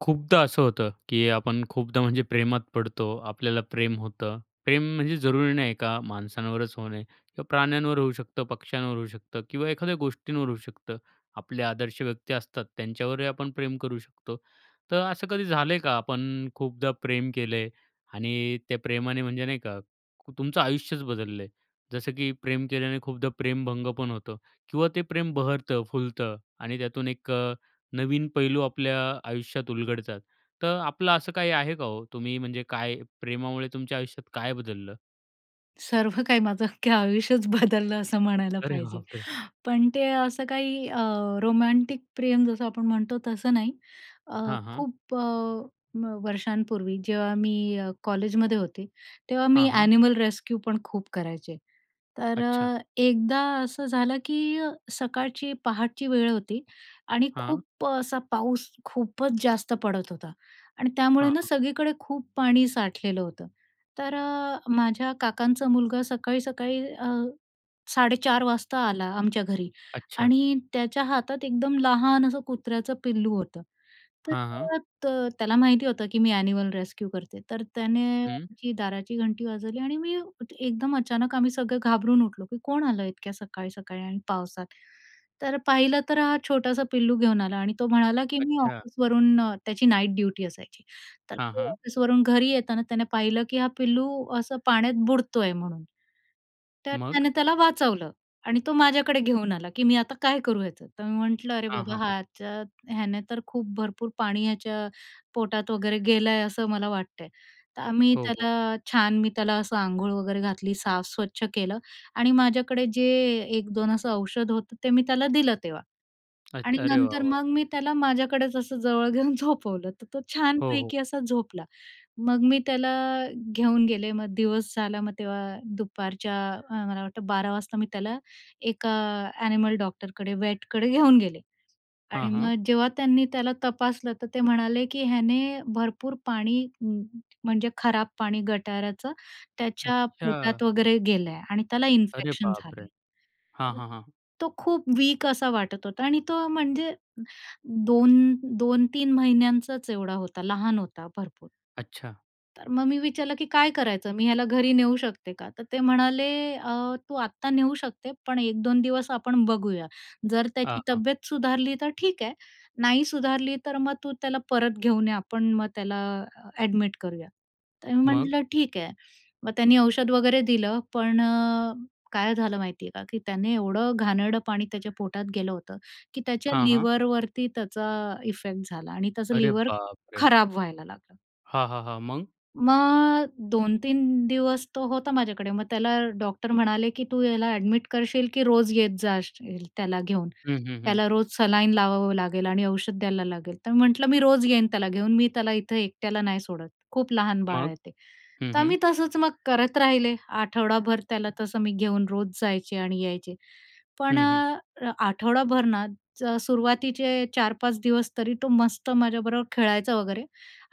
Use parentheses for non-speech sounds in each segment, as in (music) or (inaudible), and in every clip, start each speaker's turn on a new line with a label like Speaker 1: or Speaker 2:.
Speaker 1: खूपदा असं होतं की आपण खूपदा, म्हणजे प्रेमात पडतो, आपल्याला प्रेम होतं. प्रेम म्हणजे जरूरी नाही का माणसांवरच होणे. किंवा प्राण्यांवर होऊ शकतं, पक्ष्यांवर होऊ शकतं किंवा एखाद्या गोष्टींवर होऊ शकतं. आपले आदर्श व्यक्ती असतात, त्यांच्यावरही आपण प्रेम करू शकतो. तर असं कधी झालंय का, आपण खूपदा प्रेम केलंय आणि त्या प्रेमाने, म्हणजे नाही का, तुमचं आयुष्यच बदललंय? जसं की प्रेम केल्याने खूपदा प्रेम-भंगपण होतं किंवा ते प्रेम बहरतं, फुलतं आणि त्यातून 1 अ, नवीन पैलू आपल्या आयुष्यात उलगडतात. तर आपलं असं काही आहे का, हो? तुम्ही म्हणजे काय, प्रेमामुळे तुमच्या आयुष्यात काय बदललं?
Speaker 2: सर्व काही माझं अख्खं आयुष्यच बदललं, असं म्हणायला
Speaker 1: अरे
Speaker 2: पाहिजे.
Speaker 1: बापरे!
Speaker 2: पण ते असं काही अ, रोमॅन्टिक प्रेम, जसं आपण म्हणतो, तसं नाही. अ,
Speaker 1: हां, हां.
Speaker 2: खूप अ, व वर्षांपूर्वी, जेव्हा मी अ, कॉलेजमध्ये होते, तेव्हा मी
Speaker 1: हां, हां.
Speaker 2: ॲनिमल रेस्क्यूपण खूप करायचे. तर
Speaker 1: अच्छा.
Speaker 2: अ, 1दा असं झालं की सकाळची, पहाटची वेळ होती आणि
Speaker 1: हां.
Speaker 2: खूप असा पाऊस खूपच जास्त पडत होता. आणि त्यामुळे
Speaker 1: हां,
Speaker 2: ना,
Speaker 1: हां.
Speaker 2: सगळीकडे खूप पाणी साठलेलं होतं. तर अ, माझ्या काकांचा मुलगा सकाळी-सकाळी अ, 4:30 वाजता आला आमच्या घरी
Speaker 1: अच्छा.
Speaker 2: आणि त्याच्या हातात एकदम लहान असं कुत्र्याचं पिल्लू होतं.
Speaker 1: हां, हां.
Speaker 2: तर अ, त्याला माहिती होतं की मी ॲनिमल रेस्क्यू करते. तर त्याने
Speaker 1: हं.
Speaker 2: आमची दाराची घंटी वाजवली आणि मी एकदम अचानक आम्ही सगळे घाबरून उठलो की कोण आलं इतक्या सकाळी-सकाळी आणि पावसात? तर पाहिलं, तर हा छोटासा पिल्लू घेऊन आला. आणि तो म्हणाला, की “मी
Speaker 1: अच्छा.
Speaker 2: ऑफिसवरून” त्याची नाईट ड्युटी असायची, तर
Speaker 1: हां,
Speaker 2: तो
Speaker 1: हां.
Speaker 2: ऑफिसवरून घरी येताना त्याने पाहिलं, की हा पिल्लू असं पाण्यात बुडतोय म्हणून, तर
Speaker 1: मग?
Speaker 2: त्याने त्याला वाचवलं आणि तो माझ्याकडे घेऊन आला, की “मी आता काय करू ह्याचं?” तर मी म्हटलं, “अरे
Speaker 1: हां,
Speaker 2: बाबा,
Speaker 1: हां, हां.
Speaker 2: ह्याच्या ह्याने तर खूप भरपूर पाणी ह्याच्या पोटात वगैरे गेलं आहे, असं मला वाटतंय.” तर आम्ही
Speaker 1: हो, हो.
Speaker 2: त्याला छान, मी त्याला असं अंघोळ वगैरे घातली, साफ स्वच्छ केलं. आणि माझ्याकडे जे 1-2 असं औषध होतं, ते मी त्याला दिलं तेव्हा. आणि
Speaker 1: अच्छा. अरे, वाह,
Speaker 2: नंतर
Speaker 1: वाह!
Speaker 2: मग, मी त्याला माझ्याकडेच असं जवळ घेऊन झोपवलं, तर तो
Speaker 1: हो, हो.
Speaker 2: छानपैकी असा झोपला. मग मी त्याला घेऊन गेले, मग दिवस झाला, मग तेव्हा दुपारच्या, अ, मला वाटतं 12 वाजता मी त्याला 1का अ, ॲनिमल डॉक्टरकडे, वेटकडे घेऊन गेले. आणि
Speaker 1: हां, हां.
Speaker 2: मग जेव्हा त्यांनी त्याला तपासलं, तर ते म्हणाले, की “ह्याने भरपूर पाणी, म म्हणजे खराब पाणी, गटाऱ्याचं, त्याच्या
Speaker 1: अच्छा!
Speaker 2: पोटात वगैरे गेलं आहे आणि त्याला
Speaker 1: अरे
Speaker 2: इन्फेक्शन झालं
Speaker 1: बापरे!
Speaker 2: आहे.”
Speaker 1: हां, हां, हां.
Speaker 2: तो खूप वीक असा वाटत होता आणि तो म्हणजे 2-2-3 महिन्यांचाच एवढा होता, लहान होता भरपूर.
Speaker 1: अच्छा.
Speaker 2: तर मग मी विचारलं की “काय करायचं? मी ह्याला घरी नेऊ शकते का?” तर ते म्हणाले, अ, “तू आत्ता नेऊ शकते, पण 1-2 दिवस आपण बघूया. जर
Speaker 1: हां,
Speaker 2: त्याची
Speaker 1: हां.
Speaker 2: तब्येत सुधारली, तर ठीक आहे. नाही सुधारली, तर मग तू त्याला परत घेऊन ये, आपण मग त्याला अ, ॲडमिट करूया.” तर मी
Speaker 1: मग?
Speaker 2: म्हटलं, “ठीक आहे.” मग त्यांनी औषध वगैरे दिलं. पण अ, काय झालं माहिती आहे का, की त्याने एवढं घाणेरडं पाणी त्याच्या पोटात गेलं होतं की त्याच्या
Speaker 1: हां, हां.
Speaker 2: लिव्हरवरती त्याचा इफेक्ट झाला आणि त्याचं
Speaker 1: अरे
Speaker 2: लिव्हर
Speaker 1: बापरे!
Speaker 2: खराबं व्हायला लागलं.
Speaker 1: हां. हां. हां. मग?
Speaker 2: मग 2-3 दिवस तो होता माझ्याकडे. मग त्याला डॉक्टर म्हणाले की "तू याला ॲडमिट करशील, की रोज येत जाशील त्याला घेऊन?
Speaker 1: हं. हं. हं.
Speaker 2: त्याला रोज सलाईन लावावं लागेल आणि औषध द्यायला लागेल." तर मी म्हटलं, "मी रोज येईन त्याला घेऊन, मी त्याला इथे एकट्याला नाही सोडत, खूप लहान बाळ
Speaker 1: मग?
Speaker 2: आहे ते."
Speaker 1: हं
Speaker 2: तर
Speaker 1: हं.
Speaker 2: आम्ही तसंच मग करत राहिले आठवडाभर. त्याला तसं मी घेऊन रोज जायचे आणि यायचे. पण
Speaker 1: हं. हं.
Speaker 2: अ, आठवडाभर ना सुरुवातीचे 4-5 दिवस तरी तो मस्त माझ्याबरोबर खेळायचा वगैरे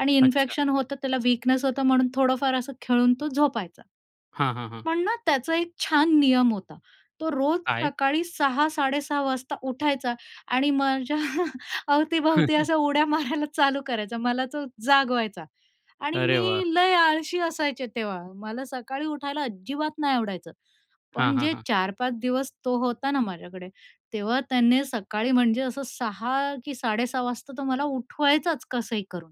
Speaker 2: आणि
Speaker 1: अच्छा.
Speaker 2: इन्फेक्शन होतं त्याला, विकनेस होतं म्हणून थोडंफार असं खेळून तो झोपायचा.
Speaker 1: हां. हां. हां.
Speaker 2: पण ना त्याचा एक छान नियम होता. तो रोज
Speaker 1: काय?
Speaker 2: सकाळी 6.00- 6.30 वाजता उठायचा आणि माझ्या (chuckles) अवतीभवती
Speaker 1: (chuckles)
Speaker 2: अशा उड्या मारायला चालू करायचा, मला तो जागवायचा. आणि
Speaker 1: अरे
Speaker 2: मी
Speaker 1: वाह!
Speaker 2: लय आळशी असायचे तेव्हा, मला सकाळी उठायला अजिबात नाही आवडायचं.
Speaker 1: हां.
Speaker 2: पण
Speaker 1: हां.
Speaker 2: जे
Speaker 1: हां.
Speaker 2: 4-5 दिवस तो होता ना माझ्याकडे, तेव्हा त्याने सकाळी म्हणजे असं 6.00 कि 6.30 वाजता तो मला उठवायचाचं कसंही करून.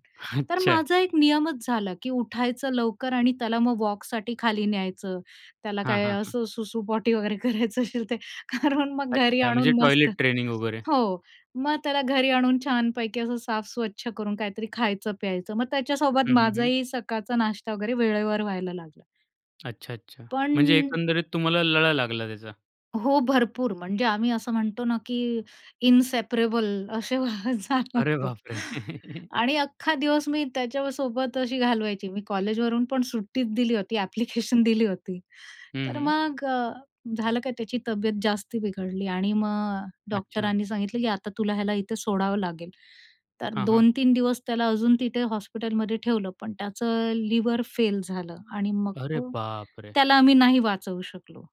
Speaker 2: तर
Speaker 1: अच्छा.
Speaker 2: माझा एक नियमच झाला, की उठायचं लवकर आणि त्याला मग वॉकसाठी खाली न्यायचं. त्याला
Speaker 1: हां.
Speaker 2: काय
Speaker 1: हां. हां.
Speaker 2: असं सुसू-पोटी वगैरे करायचं असेल ते. कारण मग घरी
Speaker 1: अच्छा
Speaker 2: आणून
Speaker 1: म्हणजे
Speaker 2: मस्त,
Speaker 1: टॉयलेट ट्रेनिंग वगैरे.
Speaker 2: हो. मग त्याला घरी आणून छानपैकी असं साफ स्वच्छ करून काहीतरी खायचं, प्यायचं. मग त्याच्यासोबत
Speaker 1: हं. हं. हं.
Speaker 2: माझाही सकाळचा नाश्ता वगैरे वेळेवर व्हायला लागला.
Speaker 1: अच्छा, अच्छा. म्हणजे
Speaker 2: पण
Speaker 1: एकंदरीत तुम्हाला लळा लागला त्याचा?
Speaker 2: हो, भरपूर. म्हणजे आम्ही असं म्हणतो ना, की "इनसेपरेबल असे झालं
Speaker 1: अरे
Speaker 2: होत."
Speaker 1: बाप रे!
Speaker 2: आणि अख्खा दिवस मी त्याच्यासोबत अशी घालवायची. मी कॉलेजवरून पण सुट्टीच दिली होती, ॲप्लिकेशन दिली होती.
Speaker 1: हं,
Speaker 2: तर
Speaker 1: हं.
Speaker 2: मग अ, झालं काय, त्याची तब्येत जास्ती बिघडली आणि मग अ,
Speaker 1: अच्छा.
Speaker 2: डॉक्टरांनी सांगितलं, की "आता तुला याला इथे सोडावं लागेल." तर
Speaker 1: हां, हां.
Speaker 2: 2-3 दिवस त्याला अजून तिथे हॉस्पिटलमध्ये ठेवलं, पण त्याचं लिव्हर फेल झालं आणि मग
Speaker 1: अरे
Speaker 2: तो
Speaker 1: बाप रे!
Speaker 2: त्याला आम्ही नाही वाचवू शकलो.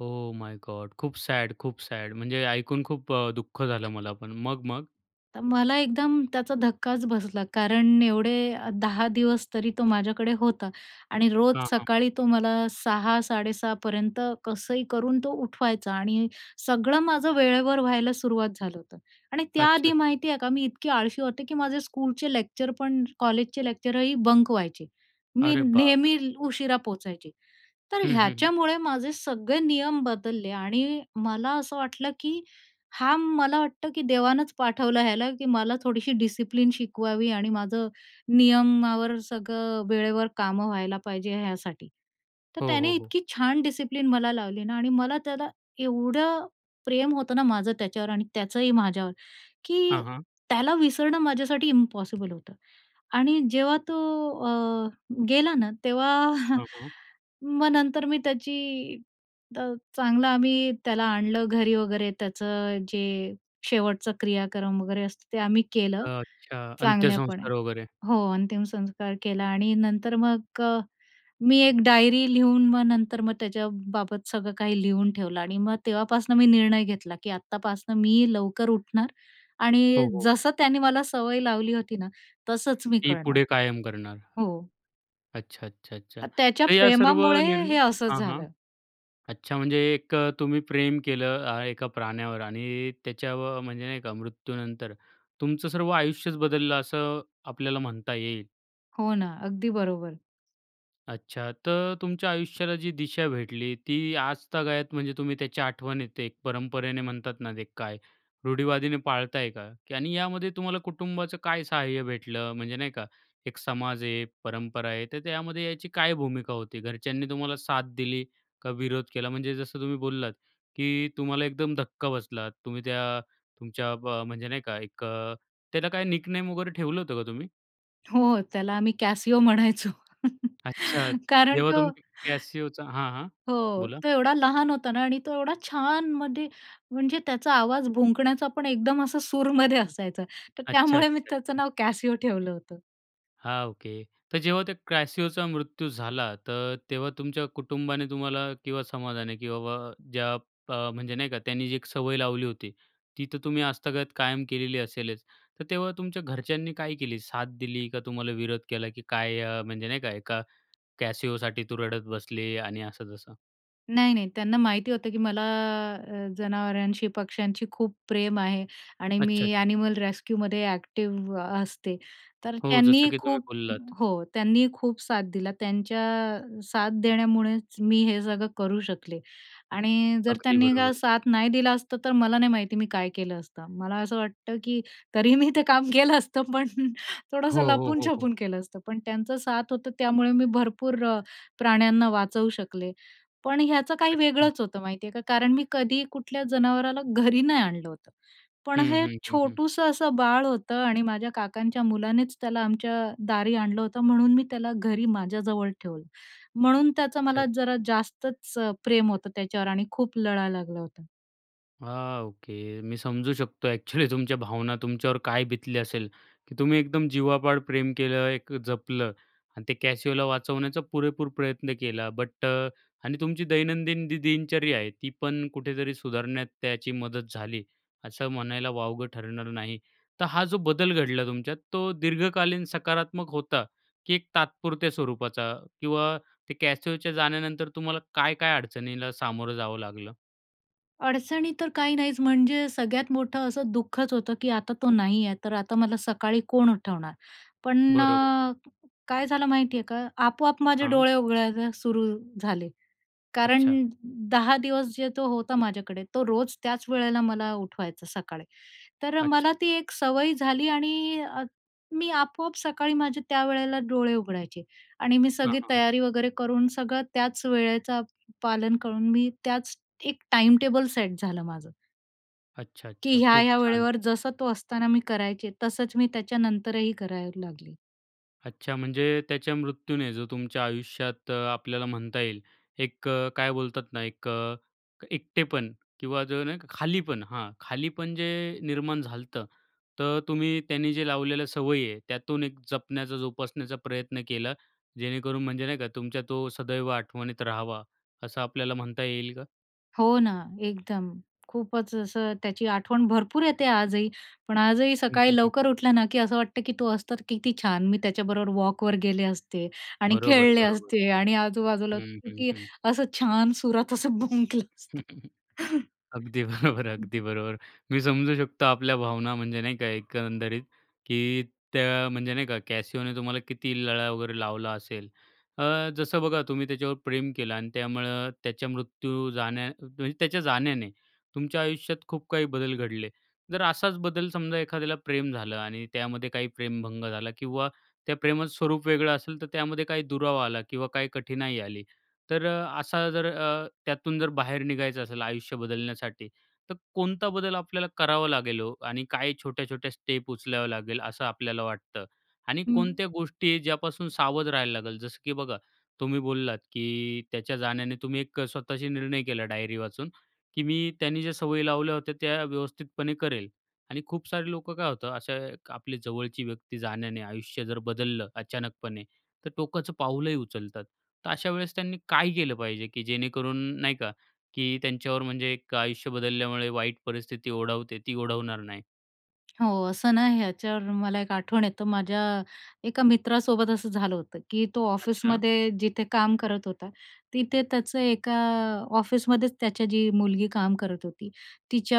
Speaker 1: Oh my god! खूप सॅड, खूप सॅड, म्हणजे ऐकून खूप अ, दुःख झालं मला पण. मग, मग?
Speaker 2: तर मला एकदम त्याचा धक्काच बसला. कारण एवढे 10 दिवस तरी तो माझ्याकडे होता आणि रोज
Speaker 1: हां, हां.
Speaker 2: सकाळी तो मला 6.00-6.30पर्यंत कसंही करून तो उठवायचा. आणि सगळं माझं वेळेवर व्हायला सुरुवात झालं होतं. आणि
Speaker 1: अच्छा.
Speaker 2: त्याआधी माहिती आहे का, मी इतकी आळशी होते, की माझे स्कूलचे लेक्चर पण, कॉलेजचे लेक्चरही बंक व्हायचे. मी
Speaker 1: अरे
Speaker 2: नेहमी
Speaker 1: बापरे!
Speaker 2: उशिरा पोहोचायचे. तर
Speaker 1: हं, हं, हं.
Speaker 2: ह्याच्यामुळे माझे सगळे नियम बदलले आणि मला असं वाटलं, की हां, मला वाटतं, की देवानंच पाठवलं याला, की मला थोडीशी डिसिप्लिन शिकवावी आणि माझं नियमावर सगळं, वेळेवर कामं व्हायला पाहिजे ह्यासाठी. तर
Speaker 1: हो, हो,
Speaker 2: त्याने
Speaker 1: हो.
Speaker 2: इतकी छान डिसिप्लिन मला लावली ना आणि मला त्याला एवढं प्रेम होतं ना माझं त्याच्यावर आणि त्याचंही माझ्यावर, की
Speaker 1: हां, हां.
Speaker 2: त्याला विसरणं माझ्यासाठी इम्पॉसिबल होतं. आणि जेव्हा तो अ, गेला ना, तेव्हा
Speaker 1: हं, हं.
Speaker 2: मग नंतर मी त्याची तर चांगलं, आम्ही त्याला आणलं घरी वगैरे, त्याचं जे शेवटचं क्रियाक्रम वगैरे असतं ते आम्ही केलं,
Speaker 1: अच्छा.
Speaker 2: चांगल्यापणे.
Speaker 1: अंत्यसंस्कार वगैरे.
Speaker 2: हो, अंतिम संस्कार केला आणि नंतर मग अ, मी एक डायरी लिहून मग नंतर मग त्याच्याबाबत सगळं काही लिहून ठेवलं आणि मग तेव्हापासून मी निर्णय घेतला, की आतापासून मी लवकर उठणार आणि
Speaker 1: हो, हो.
Speaker 2: जसं त्याने मला सवय लावली होती ना, तसंच मी
Speaker 1: ती
Speaker 2: करणार.
Speaker 1: पुढे कायम करणार.
Speaker 2: हो.
Speaker 1: अच्छा, अच्छा, अच्छा.
Speaker 2: अ, त्याच्या
Speaker 1: तर या सर्व
Speaker 2: प्रेमामुळे
Speaker 1: निर्ण
Speaker 2: हे असंच
Speaker 1: हां, हां.
Speaker 2: झालं.
Speaker 1: अच्छा. म्हणजे एक तुम्ही प्रेम केलं अ, एका प्राण्यावर आणि त्याच्यावर म्हणजे नाही का, मृत्यूनंतर तुमचं सर्व आयुष्यच बदललं, असं आपल्याला म्हणता येईल.
Speaker 2: हो ना. अगदी बरोबर.
Speaker 1: अच्छा. तर तुमच्या आयुष्याला जी दिशा भेटली, ती आजतागायत म्हणजे तुम्ही त्याच्या आठवणीत एक परंपरेने म्हणतात ना, ते काय रुढी-वादीने पाळताय का? की आणि यामध्ये तुम्हाला कुटुंबाचं काय सहाय्य भेटलं? म्हणजे नाही का? एक समाज आहे, एक परंपरा आहे. तर त्यामध्ये याची काय भूमिका होती? घरच्यांनी तुम्हाला साथ दिली का विरोध केला? म्हणजे जसं तुम्ही बोललात, की तुम्हाला एकदम धक्का बसला, तुम्ही त्या तुमच्या ब म्हणजे नाही का? एक अ, त्याला काय निकनेम वगैरे ठेवलं होतं का तुम्ही?
Speaker 2: हो, त्याला आम्ही कॅसीओ म्हणायचो.
Speaker 1: अच्छा.
Speaker 2: कारण
Speaker 1: जेव्हा
Speaker 2: तो
Speaker 1: तुम्ही कॅसीओचा हां, हां.
Speaker 2: हो,
Speaker 1: बोला.
Speaker 2: तो एवढा लहान होता ना आणि तो एवढा छान मध्ये म्हणजे त्याचा आवाज भुंकण्याचा पण एकदम असं सूरमध्ये असायचा, तर
Speaker 1: अच्छा,
Speaker 2: त्यामुळे मी
Speaker 1: अच्छा.
Speaker 2: त्याचं
Speaker 1: हं.
Speaker 2: नाव कॅसिओ ठेवलं होतं.
Speaker 1: हां. ओके. तर जेव्हा त्या क्रॅसिओचा मृत्यू झाला, तर तेव्हा तुमच्या कुटुंबाने तुम्हाला किंवा समाजाने, की बाबा ज्या अ, म्हणजे नाही का, त्यांनी जी एक सवय लावली होती, ती तर तुम्ही आजतागायत कायम केलेली असेलच. तर तेव्हा तुमच्या घरच्यांनी काय केली साथ दिली, का तुम्हाला विरोध केला? की काय अ, म्हणजे नाही का? एका कॅसिओसाठी तू रडत बसली आणि असं-तसं.
Speaker 2: नाही, नाही, त्यांना माहिती होतं की मला अ, जनावरांशी, पक्ष्यांशी खूप प्रेम आहे आणि
Speaker 1: अच्छा, अच्छा.
Speaker 2: मी ॲनिमल रेस्क्यूमध्ये ॲक्टिव्ह असते. तर
Speaker 1: हो जसं
Speaker 2: त्यांनी
Speaker 1: की तुम्ही
Speaker 2: खूप
Speaker 1: बोललात.
Speaker 2: हो, त्यांनी खूप साथ दिली. त्यांच्या अ, साथ देण्यामुळेच मी हे सगळं करू शकले. आणि जर
Speaker 1: अगदी
Speaker 2: त्यांनी का
Speaker 1: बरोबर.
Speaker 2: साथ नाही दिली असती, तर मला नाही माहिती मी काय केलं असतं. मला असं वाटतं की तरी मी ते काम केलं असतं, पण
Speaker 1: हो,
Speaker 2: थोडंसं
Speaker 1: हो, हो, हो.
Speaker 2: लपून-छपून केलं असतं. पण त्यांच साथ होती, त्यामुळे मी भरपूर प्राण्यांना वाचवू शकले. पण याचं काही
Speaker 1: अच्छा.
Speaker 2: वेगळंच होतं, माहिती आहे का. कारण मी कधीही कुठल्या जनावराला घरी नाही आणलं होतं, पण
Speaker 1: हं,
Speaker 2: हे
Speaker 1: हं, हं, हं.
Speaker 2: छोटूसं असं बाळ होतं आणि माझ्या काकांच्या मुलानेच त्याला आमच्या दारी आणलं होतं, म्हणून मी त्याला घरी माझ्याजवळ ठेवलं. म्हणून त्याचं
Speaker 1: अच्छा,
Speaker 2: मला
Speaker 1: अच्छा.
Speaker 2: जरा जास्तच प्रेम होतं त्याच्यावर आणि खूप लळा लागला होता.
Speaker 1: हां ओके. मी समजू शकतो ॲक्चुअली तुमच्या भावना. तुमच्यावर काय बितली असेल की तुम्ही एकदम जीवापाड प्रेम केलं, एक जपलं आणि त्या कॅसिओला वाचवण्याचा पुरेपूर प्रयत्न केला. बट अ, आणि तुमची दैनंदिन जी दिनचर्या आहे, ती पण कुठेतरी सुधारण्यात त्याची मदत झाली, असं म्हणायला वावगं ठरणार नाही. तर हा जो बदल घडला तुमच्यात, तो दीर्घकालीन सकारात्मक होता की एक तात्पुरत्या स्वरूपाचा? किंवा त्या कॅसिओच्या जाण्यानंतर तुम्हाला काय-काय अडचणींना सामोरं जावं लागलं?
Speaker 2: अडचणी तर काही नाहीच, म्हणजे सगळ्यात मोठं असं दुःखच होतं, की आता तो नाही आहे. तर आता मला सकाळी कोण उठवणार? पण
Speaker 1: बरोबर.
Speaker 2: अ, काय झालं माहिती आहे का, आपोआप माझे
Speaker 1: हां.
Speaker 2: डोळे उघडायला सुरू झाले. कारण
Speaker 1: अच्छा.
Speaker 2: 10 दिवस जे तो होता माझ्याकडे, तो रोज त्याच वेळेला मला उठवायचा सकाळी. तर
Speaker 1: अच्छा.
Speaker 2: मला ती एक सवय झाली आणि अ, मी आपोआप सकाळी माझे त्यावेळेला डोळे उघडायचे आणि मी
Speaker 1: हां,
Speaker 2: सगळी
Speaker 1: हां, हां.
Speaker 2: तयारी वगैरे करून, सगळं त्याच वेळेचा पालन करून मी त्याच एक टाइम टेबल सेट झालं माझं.
Speaker 1: अच्छा,
Speaker 2: की
Speaker 1: अच्छा. खूप
Speaker 2: ह्या-ह्या
Speaker 1: छान.
Speaker 2: वेळेवर जसा तो असताना मी करायचे, तसंच मी त्याच्यानंतरही करायला लागली.
Speaker 1: अच्छा, म्हणजे त्याच्या मृत्यूने, जो तुमच्या आयुष्यात अ, आपल्याला म्हणता येईल, एक अ, काय बोलतात ना एक अ, एकटेपण किंवा जर नाही खालीपण हा खालीपण जे निर्माण झालंत, तर तुम्ही त्यांनी जे लावलेलं सवय आहे त्यातून एक जपण्याचा जोपासण्याचा प्रयत्न केला. जेणेकरून म्हणजे नाही का तुमच्या तो सदैव आठवणीत राहावा, असं आपल्याला म्हणता येईल का?
Speaker 2: हो ना एकदम. खूपच असं त्याची आठवण भरपूर येते आजही. पण आजही
Speaker 1: हं,
Speaker 2: सकाळी
Speaker 1: हं, हं.
Speaker 2: लवकर उठलं ना, की असं वाटतं की तो असतं, तर किती छान. मी त्याच्याबरोबर वॉकवर गेले असते आणि
Speaker 1: बरोबर,
Speaker 2: खेळले
Speaker 1: बरोबर.
Speaker 2: असते आणि आजूबाजूला
Speaker 1: हं, हं,
Speaker 2: किती
Speaker 1: हं.
Speaker 2: असं छान सुरात असं भुंकलं असता.
Speaker 1: (chuckles) अगदी बरोबर अगदी बरोबर. मी समजू शकतो आपल्या भावना म्हणजे नाही का, एकंदरीत. की त्या म्हणजे नाही का, कॅसियोने तुम्हाला किती लळा वगैरे लावला असेल. अ, जसं बघा, तुम्ही त्याच्यावर प्रेम केलं आणि त्यामुळं त्याच्या मृत्यू, जाण्या म्हणजे त्याच्या जाण्याने, तुमच्या आयुष्यात खूप काही बदल घडले. जर असाच बदल समजा एखाद्याला प्रेम झालं आणि त्यामध्ये काही प्रेमभंग झाला किंवा त्या प्रेमाचं स्वरूप वेगळं असेल, तर त्यामध्ये काही दुरावा आला किंवा काही कठीणाई आली, तर असा जर अ, त्यातून जर बाहेर निघायचं असेल, आयुष्य बदलण्यासाठी. तर कोणता बदल आपल्याला करावा लागेल ओ? आणि काय छोट्या-छोट्या स्टेप उचलावं लागेल असं आपल्याला वाटतं? आणि
Speaker 2: हं.
Speaker 1: कोणत्या गोष्टी ज्यापासून सावध राहायला लागेल? जसं की बघा, तुम्ही बोललात, की त्याच्या जाण्याने तुम्ही एक स्वतःशी निर्णय केला डायरी वाचून, की मी त्यांने ज्या सवयी लावल्या होत्या, त्या व्यवस्थितपणे करेल. आणि खूप सारे लोकं काय होतं, अशा आपली जवळची व्यक्ती जाण्याने आयुष्य जर बदललं अचानकपणे, तर टोकाचं पाऊलही उचलतात. तर अशा वेळेस त्यांनी काय केलं पाहिजे? की जेणेकरून नाही का, की त्यांच्यावर म्हणजे एक आयुष्य बदलल्यामुळे वाईट परिस्थिती ओढवते, ती ओढवणार नाही.
Speaker 2: हो. असं ना, ह्याच्यावर मला एक आठवण येतो, माझ्या एका मित्रासोबत असं झालं होतं, की तो
Speaker 1: अच्छा.
Speaker 2: ऑफिसमध्ये जिथे काम करत होता तिथे त्याचं एका ऑफिसमध्येच त्याची जी मुलगी काम करत होती.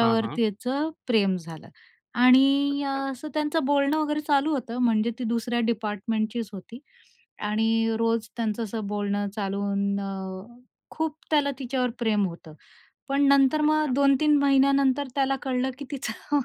Speaker 1: हां, हां.
Speaker 2: त्याचं प्रेम झालं आणि अ,
Speaker 1: अच्छा.
Speaker 2: असं त्यांचं बोलणं वगैरे चालू होतं, म्हणजे ती दुसऱ्या डिपार्टमेंटचीच होती आणि रोज त्यांचं असं बोलणं चालू होऊन खूप त्याला तिच्यावर प्रेम होतं. पण नंतर मग
Speaker 1: अच्छा.
Speaker 2: 2-3 महिन्यानंतर त्याला कळलं की तिचं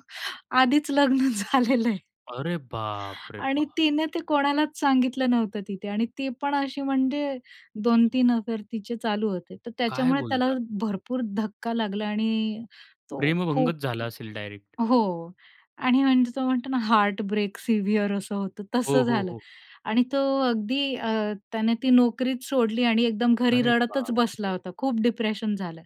Speaker 2: आधीच लग्न झालेलं आहे.
Speaker 1: अरे बाप रे!
Speaker 2: आणि
Speaker 1: बाप.
Speaker 2: तिने ते कोणालाच सांगितलं नव्हतं तिथे आणि ती पण अशी, म्हणजे 2-3 अफेअर तिचे चालू होते, तर
Speaker 1: काय
Speaker 2: त्याच्यामुळे त्याला
Speaker 1: बोलता?
Speaker 2: भरपूर धक्का लागला आणि तो खूप
Speaker 1: प्रेमभंगत झाला असेल डायरेक्ट.
Speaker 2: हो, आणि म्हणजे तो म्हणतो ना, हार्टब्रेक सिव्हिअर असं होतं,
Speaker 1: हो,
Speaker 2: तसं
Speaker 1: हो,
Speaker 2: झालं.
Speaker 1: हो.
Speaker 2: आणि तो अगदी अ, त्याने ती नोकरीच सोडली आणि एकदम घरी
Speaker 1: अरे
Speaker 2: रडतच बसला
Speaker 1: बापरे.
Speaker 2: होता, खूप डिप्रेशन झालं.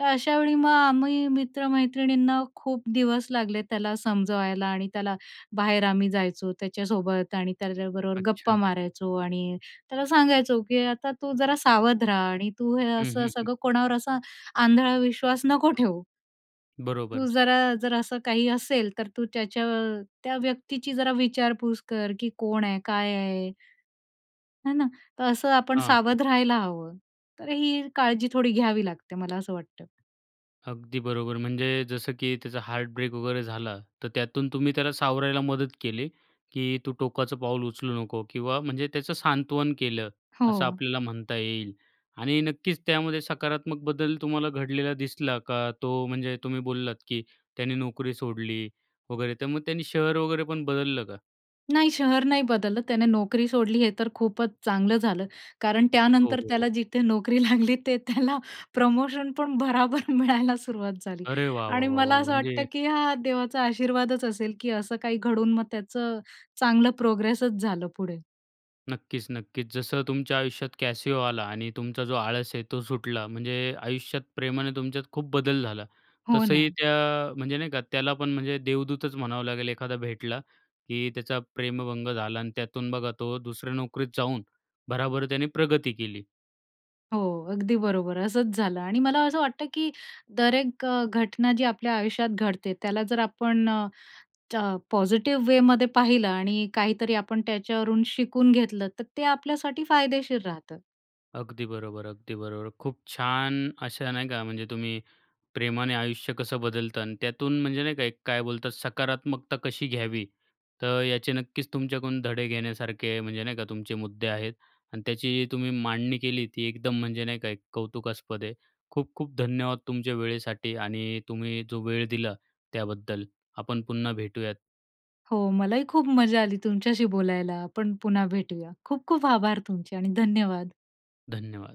Speaker 2: तर अशा वेळी मग आम्ही मित्र-मैत्रिणींना खूप दिवस लागले त्याला समजवायला आणि त्याला बाहेर आम्ही जायचो त्याच्यासोबत आणि त्याच्याबरोबर गप्पा
Speaker 1: अच्छा.
Speaker 2: मारायचो आणि त्याला सांगायचो की आता तू जरा सावध राहा आणि तू हे
Speaker 1: हं,
Speaker 2: असं
Speaker 1: हं, हं.
Speaker 2: सगळं, कोणावर असा आंधळा विश्वास नको ठेवू. तू
Speaker 1: बरोबर.
Speaker 2: जरा, जर असं काही असेल, तर तू त्याच्या त्या व्यक्तीची जरा विचारपूस कर की कोण आहे? काय आहे? है ना, तर असं आपण
Speaker 1: हां, हां.
Speaker 2: सावध राहायला हवं तर ही काळजी थोडी घ्यावी लागते मला असं वाटतं.
Speaker 1: अगदी बरोबर. म्हणजे जसं की त्याचा हार्टब्रेक वगैरे झाला, तर त्यातून तुम्ही त्याला सावरायला मदत केली की "तू टोकाचं पाऊल उचलू नको" किंवा म्हणजे त्याचं सांत्वन केलं, असं
Speaker 2: हो.
Speaker 1: आपल्याला म्हणता येईल. आणि नक्कीच त्यामध्ये सकारात्मक बदल तुम्हाला घडलेला दिसला का? तो म्हणजे तुम्ही बोललात की त्यांनी नोकरी सोडली वगैरे, मग त्याने शहर वगैरेपण बदललं का?
Speaker 2: नाही, शहर नाही बदललं, त्याने नोकरी सोडली. हे तर खूपच चांगलं झालं. कारण
Speaker 1: हो,
Speaker 2: त्यानंतर
Speaker 1: हो,
Speaker 2: त्याला
Speaker 1: हो.
Speaker 2: जिथे नोकरी लागली, तिथे त्याला प्रमोशनपण भराभर मिळायला सुरुवात झाली
Speaker 1: अरे! वाह, वाह,
Speaker 2: आणि
Speaker 1: वाह,
Speaker 2: मला
Speaker 1: वाह!
Speaker 2: असं वाटतं
Speaker 1: म्हणजे
Speaker 2: की हा देवाचा आशीर्वादच असेल की असं काही घडून मग त्याचं अ, चांगलं प्रोग्रेसच झालं पुढे.
Speaker 1: नक्कीच नक्कीच, जसं तुमच्या आयुष्यात कॅसिओ आला आणि तुमचा जो आळस आहे तो सुटला; म्हणजे आयुष्यात प्रेमाने तुमच्यात खूप बदल झाला,
Speaker 2: हो
Speaker 1: तसंही
Speaker 2: ना.
Speaker 1: त्या म्हणजे नाही का, त्याला पण म्हणजे देवदूतच म्हणावं लागेल, एखादा भेटला की त्याचा प्रेमभंग झाला आणि त्यातून बघा, तो दुसऱ्या नोकरीत जाऊन भराभर त्याने प्रगती केली.
Speaker 2: हो, अगदी बरोबर! असंच झालं आणि मला असं वाटतं की तर एक घटना जी आपल्या आयुष्यात घडते, त्याला जर आपण अ, पॉझिटिव्ह वेमध्ये पाहिलं आणि काहीतरी आपण त्याच्यावरून शिकून घेतलं, तर ते आपल्यासाठी फायदेशीर राहतं.
Speaker 1: अगदी बरोबर, अगदी बरोबर. खूप छान अशा नाही का, म्हणजे तुम्ही प्रेमाने आयुष्य कसं बदलतं आणि त्यातून म्हणजे नाही का, काय बोलतात, सकारात्मकता कशी घ्यावी, तर याचे नक्कीच तुमच्याकडून धडे घेण्यासारखे, म्हणजे नाही का तुमचे मुद्दे आहेत. आणि त्याची तुम्ही मांडणी केली, ती एकदम म्हणजे नाही का एक कौतुकास्पद आहे. खूप-खूप धन्यवाद तुमच्या वेळेसाठी आणि तुम्ही जो वेळ दिला त्याबद्दल. आपण पुन्हा भेटूयात.
Speaker 2: हो मलाही खूप मजा आली तुमच्याशी बोलायला, आपण पुन्हा भेटूया. खूप-खूप आभार तुमचे आणि धन्यवाद.
Speaker 1: धन्यवाद.